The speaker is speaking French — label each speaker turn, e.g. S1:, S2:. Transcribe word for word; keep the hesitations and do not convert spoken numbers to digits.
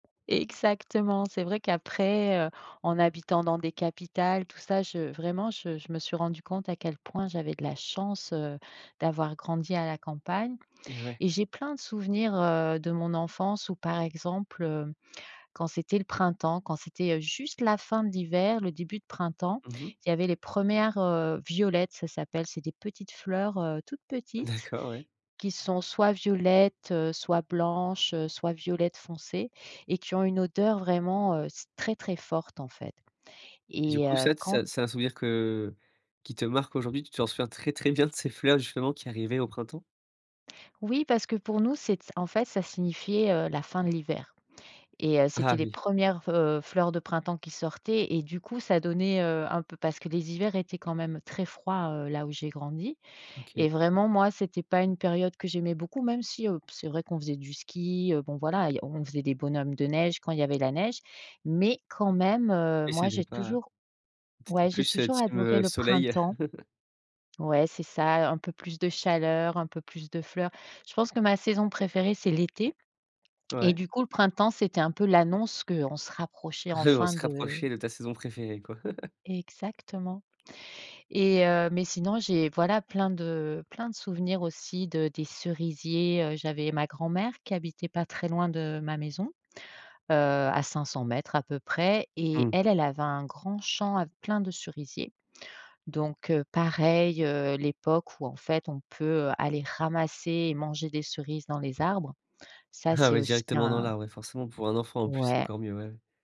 S1: Exactement! C'est vrai qu'après, heu, en habitant dans des capitales tout ça, je vraiment je je me suis rendue compte à quel point j'avais de la chance, heu, d'avoir grandi à la campagne
S2: Eh ouais.
S1: et j'ai plein de souvenirs, heu, de mon enfance où, par exemple, heu, quand c'était le printemps, quand c'était, heu, juste la fin de l'hiver, le début de printemps,
S2: Mmh mh.
S1: il y avait les premières, heu, violettes, ça s'appelle c'est des petites fleurs, heu, toutes petites
S2: D'accord, ouais.
S1: qui sont soit violettes, soit blanches, soit violettes foncées et qui ont une odeur vraiment, heu, c'est très, très forte en fait
S2: Du
S1: et
S2: coup
S1: heu,
S2: ça t c
S1: quand
S2: c'est un souvenir que, heu, qui te marque aujourd'hui, tu te souviens très, très bien de ces fleurs justement qui arrivaient au printemps?
S1: Oui parce que pour nous c'est c en fait ça signifiait, heu, la fin de l'hiver et heu, c'était
S2: Ah
S1: les
S2: oui.
S1: premières v heu, fleurs de printemps qui sortaient et du coup ça donnait, heu, un peu parce que les hivers étaient quand même très froids, heu, là où j'ai grandi
S2: OK.
S1: et vraiment moi c'était pas une période que j'aimais beaucoup même si heu, c'est vrai qu'on faisait du ski, bon voilà on faisait des bonhommes de neige quand il y avait la neige, mais quand même, heu,
S2: Et
S1: moi
S2: c'était
S1: j'ai
S2: pas
S1: toujours
S2: t'étais
S1: ouais j'ai
S2: plus, heu,
S1: toujours
S2: team,
S1: adoré
S2: heu,
S1: le
S2: soleil.
S1: printemps ouais c'est ça, un peu plus de chaleur, un peu plus de fleurs. Je pense que ma saison préférée, c'est l'été et
S2: Ouais.
S1: du coup le printemps c'était un peu l'annonce qu'on se rapprochait
S2: On
S1: enfin
S2: se
S1: de
S2: rapprochait de ta saison préférée, quoi.
S1: Exactement et heu, mais sinon j'ai voilà plein de plein de souvenirs aussi de des cerisiers. J'avais ma grand-mère qui habitait pas très loin de ma maison, heu, à cinq cents mètres à peu près et
S2: Mmh.
S1: elle, elle avait un grand champ a plein de cerisiers donc heu, pareil, heu, l'époque où en fait on peut aller ramasser et manger des cerises dans les arbres, ça
S2: Ah
S1: c'est
S2: ouais
S1: aussi
S2: directement dans
S1: un
S2: l'arbre, ouais, forcément pour un enfant en plus, c'est
S1: Ouais.
S2: encore mieux, ouais.